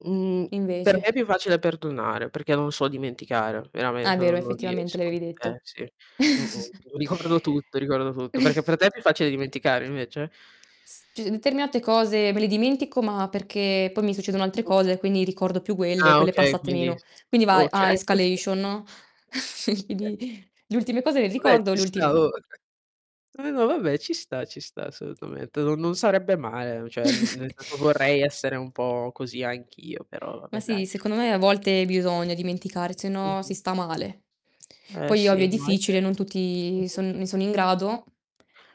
Mhmm, per me è Invece. più facile perdonare perché non so dimenticare, Ah veramente vero, non non effettivamente riesco. l'avevi Eh detto. sì, mh-mh, ricordo tutto, ricordo tutto. Perché per te è più facile dimenticare invece? S cius determinate cose me le dimentico, ma perché poi mi succedono altre Mh. cose quindi ricordo più quelle, Ah, quelle okay, passate quindi meno. Quindi va e a okay, [unintelligible] escalation, no. [unintelligible] [unintelligible] le ultime cose le Vabbè ricordo, ci le sta ultime oh! no. Vabbè, ma vabbè ci sta, ci sta assolutamente. Non non sarebbe male, mhmm, cioè n nel senso vorrei essere un po' così anch'io, però Ma vabbè dai. sì, secondo me a [unintelligible] volte bisogna dimenticare, se no si Mh-mh. sta male. Eh Poi ovvio sì, è no è difficile, ve non tutti Mh-mh. son ne sono in grado,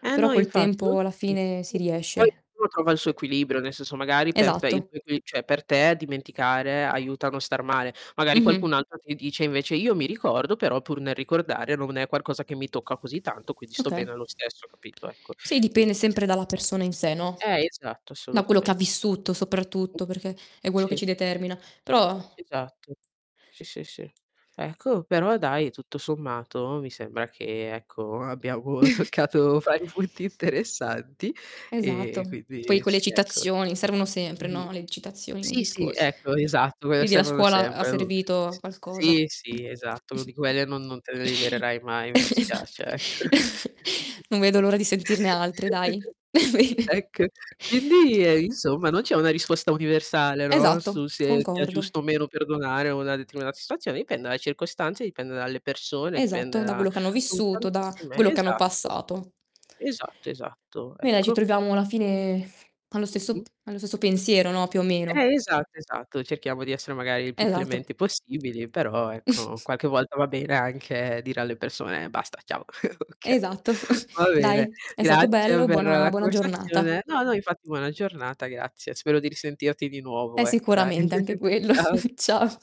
Eh però no, col infatti non tempo alla tutti. fine Sì, si poi riesce. ognuno trova il suo Boh equilibrio, nel senso magari per te il Esatto. tuo equi cioè per te dimenticare aiuta a non star male. Magari Mh-mh. qualcun altro ti dice invece: "Io mi ricordo però pur nel ricordare non è qualcosa che mi tocca così tanto, quindi sto Okay. bene lo stesso", capito, ecco, Sì, dipende quindi ec sempre dalla persona in sé, no. Eh esatto, Da quello che ha assolutamente s vissuto Mh. soprattutto, perché è quello che Sì. ci determina. Però Esatto, sì, sì, sì. Ecco però dai, tutto sommato mi sembra che, ecco, abbiamo boh, toccato vari punti interessanti e Esatto. Poi quindi quelle sì, ecco. citazioni servono sempre, Mh-mh. no, le citazioni nei Sì, sì, discorsi. ecco esatto, quelle Vedi, la servono scuola ha sempre u servito a s qualcosa. sì, sì, esatto, uno di quelle non non te ne libererai mai, mi Eh, dispiace, esatto. ecco. Non vedo l'ora di sentirne altre, dai. Bene. Ecco, quindi eh, insomma non c'è una risposta universale, no, Esatto, su se sia concordo. giusto o meno perdonare una determinata situazione, dipende dalle circostanze, dipende dalle persone, dipende Esatto, da da quello che hanno son vissuto, da tantissime quello che hanno esatto. passato. Esatto, esatto, Beh dai, ci ecco. troviamo alla fine allo stesso Mh-mh. p allo stesso pensiero, no, più o meno. Eh esatto, esatto. Cerchiamo di essere magari il più Esatto. clementi possibili, però ecco qualche volta va bene anche dire alle persone: "Basta, ciao", oka Esatto. va bene, Dai, è stato grazie bello, per buona la buona giornata. conversazione. No, no infatti buona giornata, grazie. Spero di risentirti di nuovo, È ecco dai. sicuramente anche quello. Ciao Cia